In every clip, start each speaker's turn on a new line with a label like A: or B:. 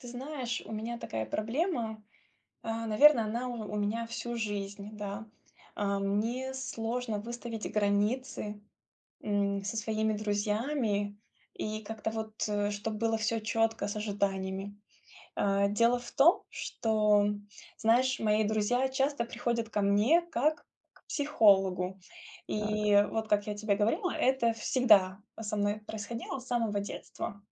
A: Ты знаешь, у меня такая проблема, а, наверно, она у у меня всю жизнь, да. А, мне сложно выставить границы, м, со своими друзьями, и как-то вот, э, чтоб было всё четко с ожиданиями. А, дело в том, что, м, знаешь, мои друзья часто приходят ко мне как к психологу.
B: Так.
A: И вот, как я тебе говорила, это всегда, а, со мной происходило с самого детства.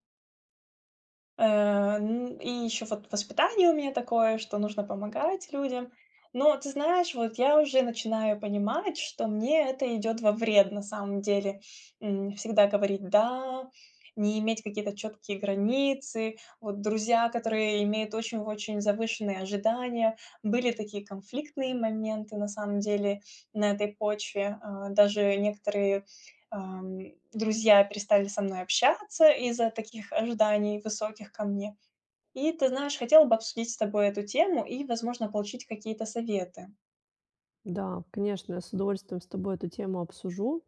A: Э, н и еще вот воспитание у меня такое, что нужно помогать людям. Но ты знаешь, вот я уже начинаю понимать, что мне это идет во вред на самом деле. М, всегда говорить "да", не иметь какие-то четкие границы, вот друзья, которые имеют очень-очень завышенные ожидания. Были такие конфликтные моменты на самом деле на этой почве. А, даже некоторые, ам, и друзья перестали со мной общаться из-за таких ожиданий высоких ко мне. И ты знаешь, хотела бы обсудить с тобой эту тему и, возможно, получить какие-то советы.
B: Да, конечно, я с удовольствием с тобой эту тему обсужу.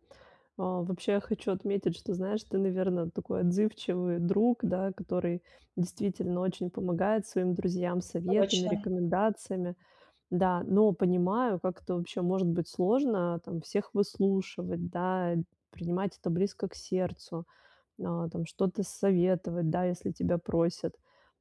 B: А, вообще, хочу отметить, что, знаешь, ты, наверно, такой отзывчивый друг, да, который действительно очень помогает своим друзьям советами,
A: Точно.
B: рекомендациями. Да, но понимаю, как это вообще может быть сложно там всех выслушивать, да, принимать это близко к сердцу, н а там что-то советовать, да, если тебя просят.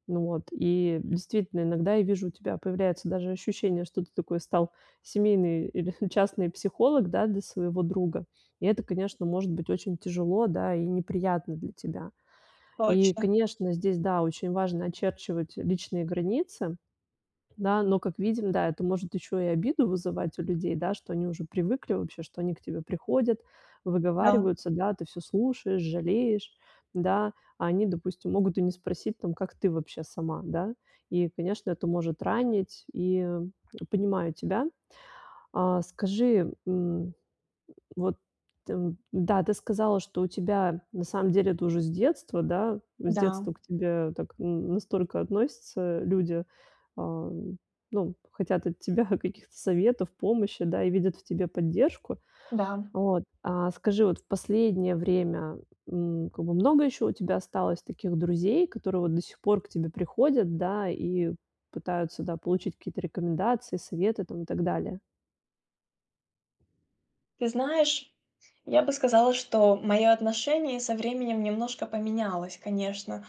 B: Ну вот, и действительно, иногда я вижу, у тебя появляется даже ощущение, что ты такой стал семейный или частный психолог, да, для своего друга. И это, конечно, может быть очень тяжело, да, и неприятно для тебя. И,
A: Точно.
B: конечно, здесь, да, очень важно очерчивать личные границы. Да, но, как видим, да, это может ещё и обиду вызывать у людей, да, что они уже привыкли вообще, что они к тебе приходят,
A: Да.
B: выговариваются, да, а ты всё слушаешь, жалеешь. Да, а они, допустим, могут и не спросить там, как ты вообще сама, да? И, конечно, это может ранить. И, м, понимаю тебя. А, скажи, м, вот там, н-да, ты сказала, что у тебя на самом деле это уже с детства, да, с
A: Да,
B: детства
A: м.
B: к тебе так, н настолько относятся люди, ам, ну, хотят от тебя каких-то советов, помощи, да, и видят в тебе поддержку.
A: Да, м.
B: Вот, а скажи, вот в последнее время, м, как бы много ещё у тебя осталось таких друзей, которые вот до сих пор к тебе приходят, да, и пытаются, да, получить какие-то рекомендации, советы там и так далее?
A: Ты знаешь, я бы сказала, что моё отношение со временем немножко поменялось, конечно.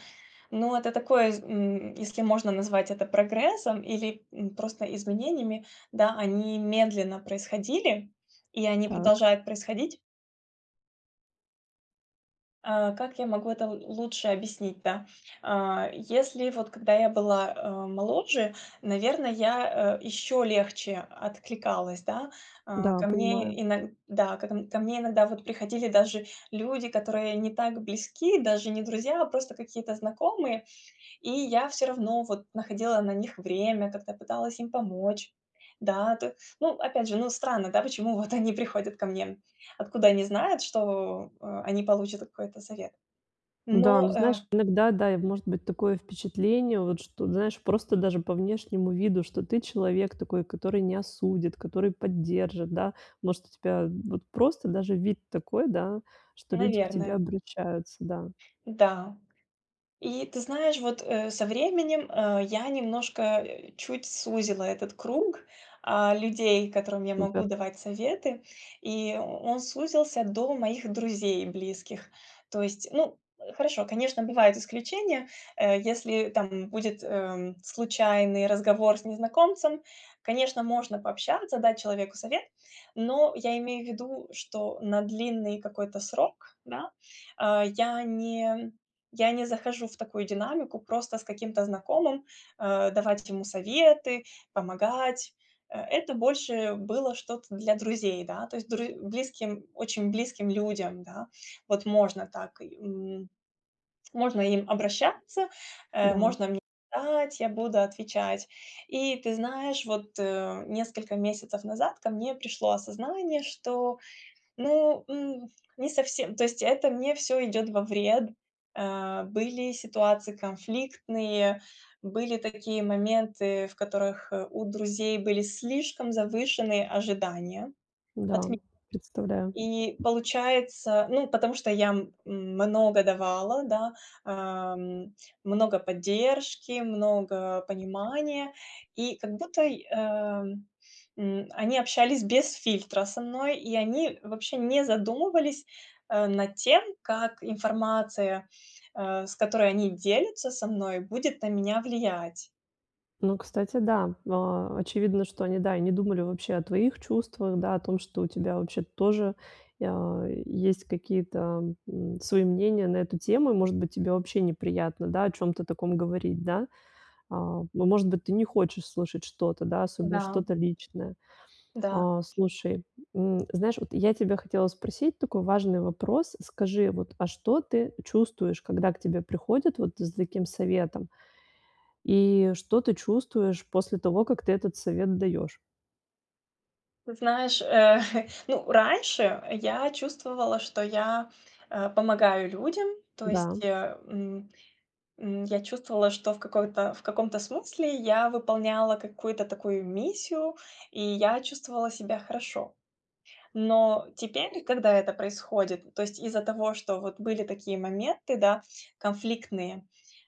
A: Но это такое, из м если можно назвать это прогрессом или, м, просто изменениями, да, они медленно происходили, и они
B: Так.
A: продолжают происходить. А, как я могу это л лучше объяснить, да? А, если вот когда я была, а, моложе, наверно, я, э, еще легче откликалась, да. А,
B: Да,
A: ко
B: понимаю.
A: мне иног да как н ко мне иногда вот приходили даже люди, которые не так близки, даже не друзья, а просто какие-то знакомые, и я всё равно вот находила на них время, как-то пыталась им помочь. Да, то ну, опять же, ну, странно, да, почему вот они приходят ко мне, м, откуда они знают, что, э, они получат какой-то совет?
B: Да, ну,
A: Но э
B: знаешь, иногда, да, и может быть, такое впечатление, вот, что, ты знаешь, просто даже по внешнему виду, что ты человек такой, который не осудит, который поддержит, да? Может, у тебя вот просто даже вид такой, да, что люди к тебе
A: Наверное.
B: обращаются, да?
A: Да. И ты знаешь, вот, э, со временем, э, я немножко чуть сузила этот круг, а, людей, которым я могу
B: Супер.
A: давать советы. И он сузился до моих друзей близких. То есть, ну, э, хорошо, конечно, бывают исключения. Э, если там будет, эм, случайный разговор с незнакомцем, конечно, можно пообщаться, дать человеку совет, но я имею в виду, что на длинный какой-то срок, да, а, я не м я не захожу в такую динамику просто с каким-то знакомым, э, давать ему советы, помогать. Э, это больше было что-то для друзей, да, то есть друзь близким, очень близким людям, да. Вот можно так, и м можно им обращаться, э,
B: Да, м.
A: можно мне ать я буду отвечать. И ты знаешь, вот, э, несколько месяцев назад ко мне пришло осознание, что, ну, м жас не совсем, то есть это мне всё идет во вред. Э, были ситуации конфликтные, были такие моменты, в которых, э, у друзей были слишком завышенные ожидания
B: Да,
A: от ме
B: м, представляю.
A: И получается, ну, потому что я, м, много давала, да, ам, много поддержки, много понимания. И как будто и, э, м, они общались без фильтра со мной, и они вообще не задумывались, э, над тем, как информация, э, с которой они делятся со мной, будет на меня влиять.
B: Ну, кстати, да, а, очевидно, что они, да, и не думали вообще о твоих чувствах, да, о том, что у тебя вообще-то тоже, э, есть какие-то, м, свои мнения на эту тему. И, может быть, тебе вообще неприятно, да, о чём-то таком говорить, да. А а, может быть, ты не хочешь слушать что-то, да, особенно
A: Да.
B: что-то личное.
A: Да.
B: А. Слушай, м, знаешь, вот я тебя хотела спросить такой важный вопрос. Скажи вот, а что ты чувствуешь, когда к тебе приходят вот за таким советом? И что ты чувствуешь после того, как ты этот совет даешь?
A: Ты знаешь, э, ну, раньше я чувствовала, что я, э, помогаю людям, то есть,
B: Да.
A: э, м, м, я чувствовала, что в какой-то в каком-то смысле я выполняла какую-то такую миссию, и я чувствовала себя хорошо. Но теперь, когда это происходит, то есть из-за того, что вот были такие моменты, да, конфликтные,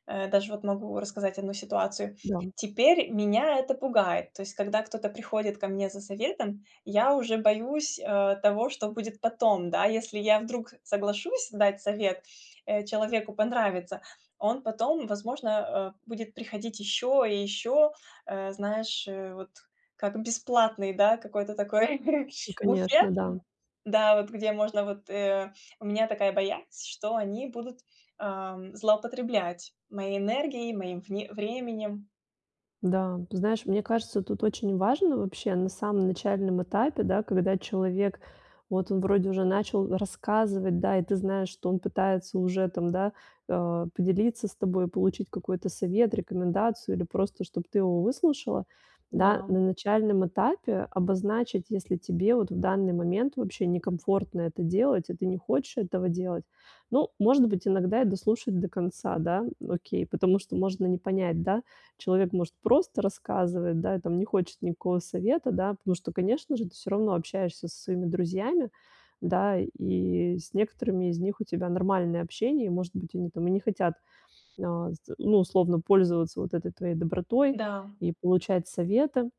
A: э- даже вот могу рассказать 1 ситуацию-
B: Да.
A: теперь меня это пугает. То есть когда кто-то приходит ко мне за советом, я уже боюсь, э, того, что будет потом. Да, если я вдруг соглашусь дать совет, э, человеку понравится, он потом, возможно, э, будет приходить ещё и ещё, э, знаешь, э, вот, как бесплатный, да, какой-то такой
B: Ну конечно,
A: буфет,
B: да.
A: да, вот где можно вот э, у меня такая боязнь, что они будут, э, злоупотреблять моей энергией, моим вне временем.
B: Да, ты знаешь, мне кажется, тут очень важно вообще на самом начальном этапе, да, когда человек, вот он вроде уже начал рассказывать, да, и ты знаешь, что он пытается уже там, да, э, поделиться с тобой, получить какой-то совет, рекомендацию, или просто, чтоб ты его выслушала, да. На
A: Да.
B: начальном этапе обозначить, если тебе вот в данный момент вообще некомфортно это делать, и ты не хочешь этого делать. Ну, может быть, иногда и дослушать до конца. Да, окей, потому что можно не понять, да. Человек может просто рассказывать, да, и там не хочет никакого совета, да, потому что, конечно же, ты всё равно общаешься со своими друзьями, да, и с некоторыми из них у тебя нормальное общение, и, может быть, они там и не хотят, э, ну, условно, пользоваться вот этой твоей добротой
A: Да.
B: и получать советы.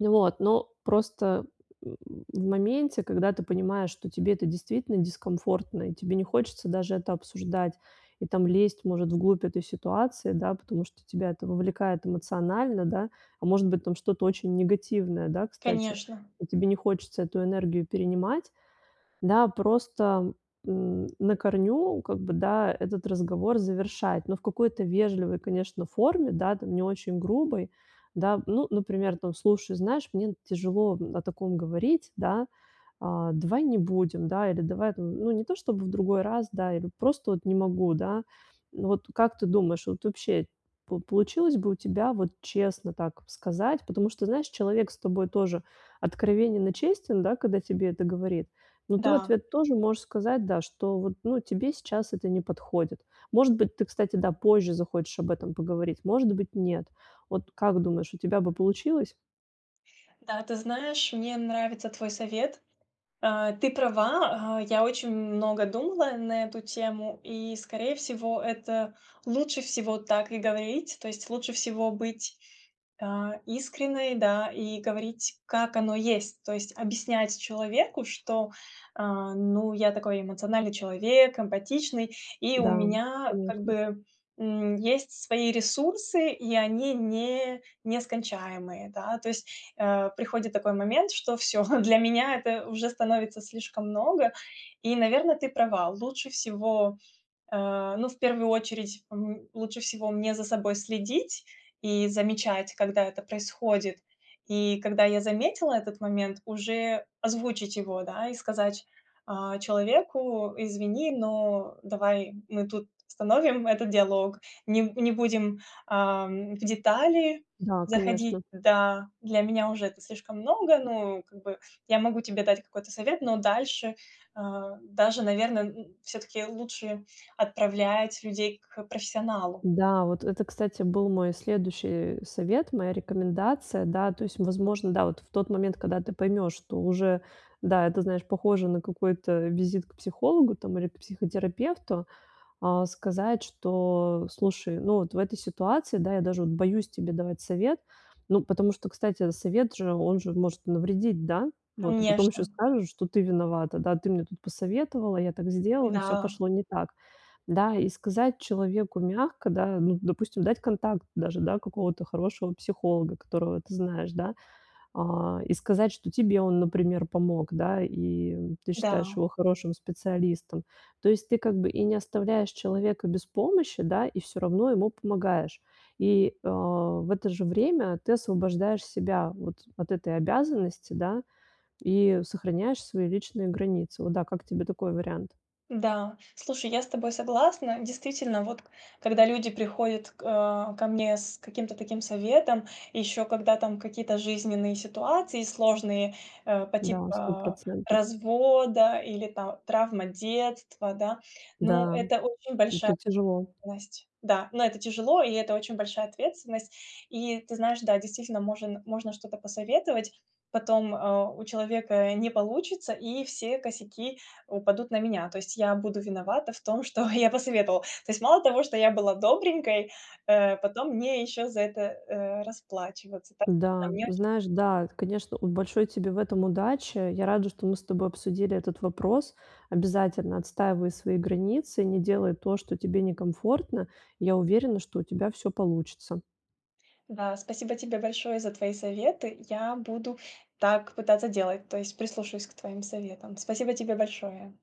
B: Вот, но просто, м, в моменте, когда ты понимаешь, что тебе это действительно дискомфортно, и тебе не хочется даже это обсуждать, и там лезть, может, в глубь этой ситуации, да, потому что тебя это вовлекает эмоционально, да. А, может быть, там что-то очень негативное, да, кстати,
A: Конечно.
B: и тебе не хочется эту энергию перенимать, да, просто, м, на корню, как бы, да, этот разговор завершать, но в какой-то вежливой, конечно, форме, да, там, не очень грубой, да. Ну, например, там: "Слушай, знаешь, мне тяжело о таком говорить, да, а, давай не будем, да, или давай, там ну, не то, чтобы в другой раз, да, или просто вот не могу, да". Ну, вот как ты думаешь, вот вообще пол получилось бы у тебя вот честно так сказать? Потому что, знаешь, человек с тобой тоже откровенен и честен, да, когда тебе это говорит, но ты в
A: Да.
B: ответ тоже можешь сказать, да, что вот, ну, тебе сейчас это не подходит. Может быть, ты, кстати, да, позже захочешь об этом поговорить, может быть- нет. Вот как думаешь, у тебя бы получилось?
A: Да, ты знаешь, мне нравится твой совет. Э, ты права, а, я очень много думала на эту тему, и, скорее всего, это лучше всего так и говорить. То есть лучше всего быть, а, искренной, да, и говорить, как оно есть. То есть объяснять человеку, что, а, ну, я такой эмоциональный человек, эмпатичный, и у
B: Да,
A: меня, как
B: конечно.
A: бы, м, есть свои ресурсы и они не нескончаемые, да. То есть, э, приходит такой момент, что всё, для меня это уже становится слишком много и, наверно, ты права. Лучше всего, э, ну, в первую очередь, м, лучше всего мне за собой следить и замечать, когда это происходит. И когда я заметила этот момент, уже озвучить его, да, и сказать, а, человеку: "Извини, но давай мы тут остановим этот диалог, нем не будем, ам, в детали
B: Да,
A: заходить.
B: конечно.
A: Да, для меня уже это слишком много, ну, как бы, я могу тебе дать какой-то совет, но дальше, а" Даже, наверно, н всё-таки лучше отправлять людей к профессионалу.
B: Да, вот это, кстати, был мой следующий совет, моя рекомендация. Да, то есть, возможно, да, вот в тот момент, когда ты поймешь, что уже, да, это, знаешь, похоже на какой-то визит к психологу там или к психотерапевту, э, сказать, что: "Слушай, ну, вот в этой ситуации, да, я даже вот боюсь тебе давать совет". Ну, потому что, кстати, совет же, он же может навредить, да? Вот, а потом еще
A: Конечно.
B: скажут, что ты виновата, да. Ты мне тут посоветовала, я так сделала, и всё
A: Да.
B: пошло не так. Да, и сказать человеку мягко, да, ну, допустим, дать контакт даже, да, какого-то хорошего психолога, которого ты знаешь, да. Э, и сказать, что тебе он, например, помог, да, и ты считаешь
A: Да.
B: его хорошим специалистом. То есть ты, как бы, и не оставляешь человека без помощи, да, и всё равно ему помогаешь. И, а, в это же время ты освобождаешь себя вот от этой обязанности, да, и сохраняешь свои личные границы. Вот, да, как тебе такой вариант?
A: Да, слушай, я с тобой согласна. Действительно, вот к когда люди приходят к а, ко мне с каким-то таким советом, и еще когда там какие-то жизненные ситуации сложные, э, по
B: Да, сто
A: типа
B: процентов.
A: развода или, там, травма детства, да. Ну,
B: Да,
A: это очень большая
B: это тяжело.
A: ответственность, да. Ну это тяжело, и это очень большая ответственность. И, ты знаешь, да, действительно, можн можно что-то посоветовать, потом, э, у человека не получится, и все косяки упадут на меня. То есть я буду виновата в том, что я посоветовала. То есть мало того, что я была добренькой, э, потом мне еще за это, э, расплачиваться так, а
B: Да,
A: мне
B: ну,
A: очень
B: знаешь, да, это, конечно, вот большой тебе в этом удачи. Я рада, что мы с тобой обсудили этот вопрос. Обязательно отстаивай свои границы, не делай то, что тебе некомфортно. Я уверена, что у тебя всё получится.
A: Да, спасибо тебе большое за твои советы. Я буду так пытаться делать. То есть прислушаюсь к твоим советам. Спасибо тебе большое.